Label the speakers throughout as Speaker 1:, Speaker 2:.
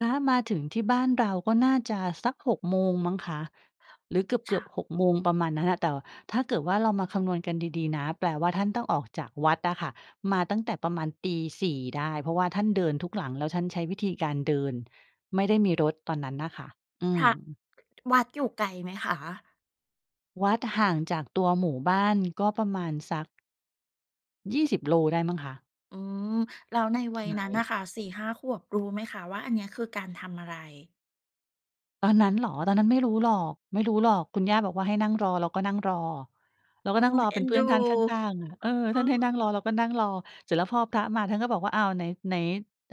Speaker 1: พระมาถึงที่บ้านเราก็น่าจะสัก 6 โมงมั้งคะ หรือเก
Speaker 2: ฉ
Speaker 1: ือบ
Speaker 2: ะ
Speaker 1: ๆ 6 โมง ประมาณนั้นน่ะ แต่ถ้าเกิดว่าเรามาคำนวณกันดี ๆ นะ แปลว่าท่านต้องออกจากวัดอะค่ะ มาตั้งแต่ประมาณ 04:00 ได้ เพราะว่าท่านเดินทุกหลัง แล้วท่านใช้วิธีการเดิน ไม่ได้มีรถตอนนั้นน่ะค่ะ อื
Speaker 2: พระ
Speaker 1: ม
Speaker 2: วัดอยู่ไกลไหมคะ?
Speaker 1: วัดห่างจากตัวหมู่บ้านก็ประมาณสัก 20 โลได้มั้งคะ
Speaker 2: อืม แล้วใน
Speaker 1: ถ
Speaker 2: วัย
Speaker 1: ่
Speaker 2: นั
Speaker 1: า
Speaker 2: ้น
Speaker 1: ย
Speaker 2: น่ะค่ะ 4-5 ขวบรู้ไหมคะว่า อันเนี้ยคือการทำอะไร?
Speaker 1: ตอนนั้นเหรอ ตอนนั้น ไม่รู้หรอก ไม่รู้หรอก คุณย่าบอกว่าให้นั่งรอ เราก็นั่งรอ เราก
Speaker 2: โ
Speaker 1: ็
Speaker 2: อ้
Speaker 1: นั่งรอ
Speaker 2: เอ
Speaker 1: เ
Speaker 2: ็
Speaker 1: ป็น
Speaker 2: น
Speaker 1: เพื
Speaker 2: ด
Speaker 1: ่
Speaker 2: ู
Speaker 1: อนท่านข้าง ๆ เออ
Speaker 2: เอ
Speaker 1: ท่านให้น
Speaker 2: อ
Speaker 1: ั่งรอเราก็นั่งรอ เสร็จแล้วพอพระมาท่านก็บอกว่า อ้าว ไหน ไหน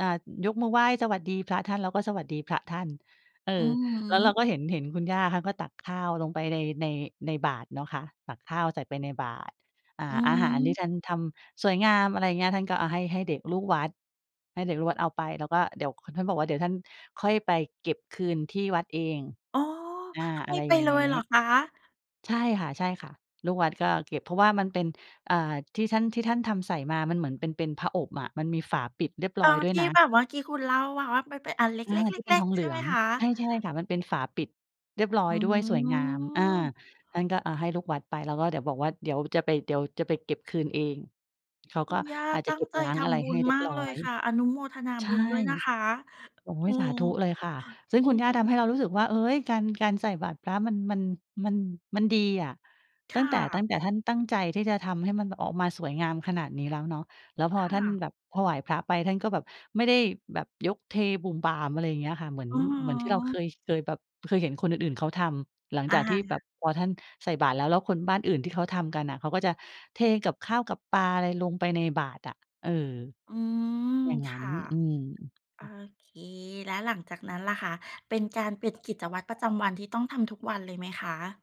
Speaker 1: อ่า ยกมือไหว้สวัสดีพระท่าน เราก็สวัสดีพระท่าน เออ
Speaker 2: อือฮ
Speaker 1: แล้วเรา
Speaker 2: ึ
Speaker 1: ก็ เห็น เห็นคุณย่า เขาก็ตักข้าวลงไป ใน ใน ในบาตรเนาะคะ ตักข้าวใส่ไปในบาตร อ่า
Speaker 2: อื
Speaker 1: อาหารที่
Speaker 2: อ
Speaker 1: ท่านทำสวยงาม อะไรอย่างเงี้ย ท่านก็ อ่า ให้ ให้เด็กลูกวัด ให้เด็กลูกวัดเอาไป แล้วก็เดี๋ยว ท่านบอกว่าเดี๋ยวท่านค่อยไปเก็บคืนที่วัดเอง
Speaker 2: อ๋อ
Speaker 1: อา
Speaker 2: ให
Speaker 1: อ
Speaker 2: ้
Speaker 1: ะไร
Speaker 2: ไป
Speaker 1: อย่าง
Speaker 2: เล
Speaker 1: งี
Speaker 2: ยเหร
Speaker 1: ้
Speaker 2: อคะ?
Speaker 1: ใช่ค่ะ ๆ ลูกวัดก็เก็บเพราะว่ามันเป็น อ่า ที่ท่าน ที่ท่านทำใส่มามันเหมือน เป็น เป็นผอบอะ มันมีฝาปิดเรียบ
Speaker 2: เอ
Speaker 1: ร้อย
Speaker 2: อ
Speaker 1: ด้ว
Speaker 2: ท
Speaker 1: ย
Speaker 2: ี่
Speaker 1: นะ
Speaker 2: แบบว่ากี้คุณเล่ามาว่ามันเป็นอันเล
Speaker 1: อา
Speaker 2: ็
Speaker 1: ที่เป็น
Speaker 2: ก
Speaker 1: ท
Speaker 2: ๆ
Speaker 1: อ
Speaker 2: ๆ
Speaker 1: ง
Speaker 2: ๆ
Speaker 1: เ
Speaker 2: ใ
Speaker 1: ห
Speaker 2: ช
Speaker 1: ลื
Speaker 2: ่ไห
Speaker 1: อ
Speaker 2: ม
Speaker 1: ง
Speaker 2: คะ?
Speaker 1: ใช่ ๆ ค่ะ มันเป็นฝาปิดเรียบร้อ
Speaker 2: อ
Speaker 1: ย
Speaker 2: ื
Speaker 1: ด้วยสวยงาม อา
Speaker 2: ม
Speaker 1: ท่านก็ อ่า ให้ลูกวัดไป แล้วก็เดี๋ยวบอกว่า เดี๋ยวจะไป เดี๋ยวจะไปเก็บคืนเอง เขา
Speaker 2: ค
Speaker 1: ก
Speaker 2: ุ
Speaker 1: ็
Speaker 2: ณย่า
Speaker 1: อาจ
Speaker 2: ต
Speaker 1: จะ
Speaker 2: ั้
Speaker 1: เก
Speaker 2: ง
Speaker 1: ็บ
Speaker 2: ใจ
Speaker 1: ล้าง
Speaker 2: ท
Speaker 1: อะไร
Speaker 2: ำบุ
Speaker 1: ให้
Speaker 2: ญ
Speaker 1: เรี
Speaker 2: ม
Speaker 1: ย
Speaker 2: า
Speaker 1: บ
Speaker 2: ก
Speaker 1: ร้อ
Speaker 2: เลย
Speaker 1: ย
Speaker 2: ค่ะ อนุโมทนา
Speaker 1: ใช
Speaker 2: บุ
Speaker 1: ่
Speaker 2: ญด้วยนะคะ
Speaker 1: โอ๊
Speaker 2: อ
Speaker 1: ย
Speaker 2: ื
Speaker 1: สา
Speaker 2: ม
Speaker 1: ธุเลยค่ะ ซึ่ง
Speaker 2: อื
Speaker 1: คุณย่าท
Speaker 2: ม
Speaker 1: ำให้เรารู้สึกว่า เฮ้ย การ การใส่บัตรพระ มัน มัน มัน มันดีอะ
Speaker 2: ค
Speaker 1: ตั้
Speaker 2: ่
Speaker 1: งแต่ ตั้
Speaker 2: ะ
Speaker 1: งแต่ท่านตั้งใจที่จะทำให้มันออกมาสวยงามขนาดนี้แล้วเนาะ แล้วพ
Speaker 2: ค
Speaker 1: อ
Speaker 2: ่
Speaker 1: ท่าน
Speaker 2: ะ
Speaker 1: แบบถวายพระไป ท่านก็แบบไม่ได้แบบยกเทบู่มบ่าม อะไรอย่างเงี้ยค่ะ เหมือน
Speaker 2: อือฮ
Speaker 1: เหมือนที่เรา เค
Speaker 2: ึ
Speaker 1: ย เคยแบบ เคยเห็นคนอื่น ๆ เขาทำ หลัง
Speaker 2: อ
Speaker 1: จ
Speaker 2: า
Speaker 1: ากที่แบบพอท่านใส่บาตรแล้ว แล้วคนบ้านอื่นที่เขาทำกันน่ะ เขาก็จะเทกับข้าวกับปลาอะไรลงไปในบาตรอะ เออ
Speaker 2: อืม
Speaker 1: อย่าง
Speaker 2: ค
Speaker 1: งั้น
Speaker 2: ่ะ โอเค แล้วหลังจากนั้นล่ะคะ เป็นการปิดกิจวัตรประจำวันที่ต้องทำทุกวันเลยไหมคะ?